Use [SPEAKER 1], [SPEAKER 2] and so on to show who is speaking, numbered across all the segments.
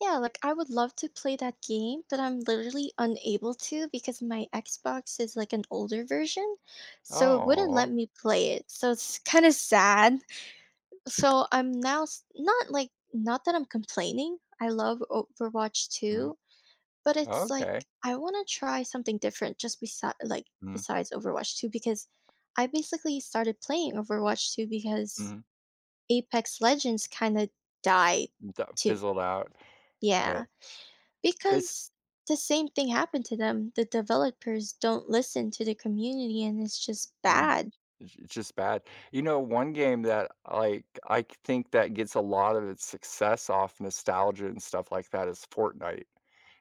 [SPEAKER 1] Yeah, like, I would love to play that game, but I'm literally unable to because my Xbox is, like, an older version, so it wouldn't let
[SPEAKER 2] Oh.
[SPEAKER 1] me play it, so it's, kinda, sad. So I'm now not, like not that I'm complaining. I love Overwatch
[SPEAKER 2] Mhm.
[SPEAKER 1] 2, but it's like
[SPEAKER 2] Okay.
[SPEAKER 1] I wanna try something different, just, besid like,
[SPEAKER 2] Mm.
[SPEAKER 1] besides Overwatch 2 because I basically started playing Overwatch 2 because
[SPEAKER 2] Mhm.
[SPEAKER 1] Apex Legends, kinda, died
[SPEAKER 2] That
[SPEAKER 1] too.
[SPEAKER 2] fizzled out,
[SPEAKER 1] Yeah,
[SPEAKER 2] but it's
[SPEAKER 1] because the same thing happened to them. The developers don't listen to the community, and it's, just,
[SPEAKER 2] Mhm.
[SPEAKER 1] bad.
[SPEAKER 2] It's it's, just, bad. You know, one game that, Iike I think that gets a lot of its success off nostalgia and stuff like that is Fortnite,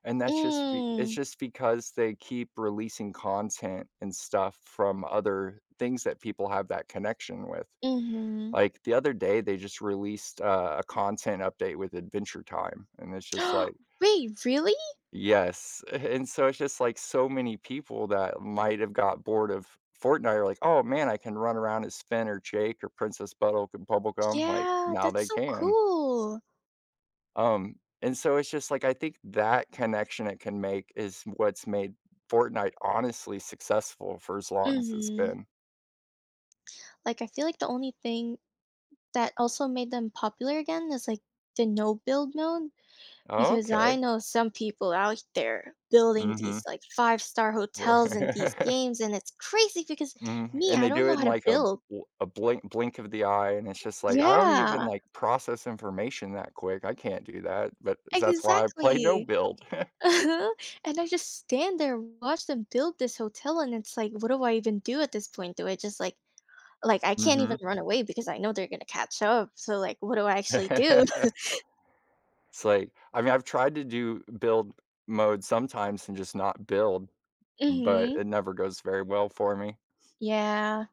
[SPEAKER 2] and that's, just, be it's,
[SPEAKER 1] Mm.
[SPEAKER 2] just, because they keep releasing content and stuff from other things that people have that connection with.
[SPEAKER 1] Mhm.
[SPEAKER 2] Like the other day, they, just, released a a content update with Adventure Time, and it's, just, like
[SPEAKER 1] Wait, really?
[SPEAKER 2] Yes, and so it's, just, like so many people that might have got bored of Fortnite are like, "Oh man, I can run around as Finn or Jake or Princess Bonnibel Bubblegum, like,
[SPEAKER 1] Yeah,
[SPEAKER 2] now
[SPEAKER 1] that's
[SPEAKER 2] they
[SPEAKER 1] so
[SPEAKER 2] can.
[SPEAKER 1] cool.
[SPEAKER 2] Um, and so it's, just, like, I think that connection it can make is what's made Fortnite honestly successful for as long as it's
[SPEAKER 1] Mhm.
[SPEAKER 2] been.
[SPEAKER 1] Like I feel like the only thing that also made them popular again is, like, the no build mode, because I
[SPEAKER 2] Okay.
[SPEAKER 1] know some people out there building
[SPEAKER 2] Mhm,
[SPEAKER 1] these, like, five-star
[SPEAKER 2] we're
[SPEAKER 1] hotels and these games and it's crazy because
[SPEAKER 2] Mhm,
[SPEAKER 1] me,
[SPEAKER 2] and
[SPEAKER 1] I
[SPEAKER 2] they
[SPEAKER 1] don't
[SPEAKER 2] do
[SPEAKER 1] know
[SPEAKER 2] it
[SPEAKER 1] how
[SPEAKER 2] in
[SPEAKER 1] to
[SPEAKER 2] like a
[SPEAKER 1] build.
[SPEAKER 2] w a blink blink of the eye, and it's, just, like, I don't even
[SPEAKER 1] Yeah.
[SPEAKER 2] like process information that quick. I can't do that, but that's why I play no
[SPEAKER 1] Exactly,
[SPEAKER 2] build.
[SPEAKER 1] and I, just, stand there and watch them build this hotel, and it's like, "What do I even do at this point? Do I, just, like like, I can't even
[SPEAKER 2] Mhm.
[SPEAKER 1] run away because I know they're gonna catch up, so like, what do I actually do?"
[SPEAKER 2] It's like I mean, I've tried to do build mode sometimes and, just, not build, but
[SPEAKER 1] Mhm.
[SPEAKER 2] it never goes very well for me.
[SPEAKER 1] Yeah.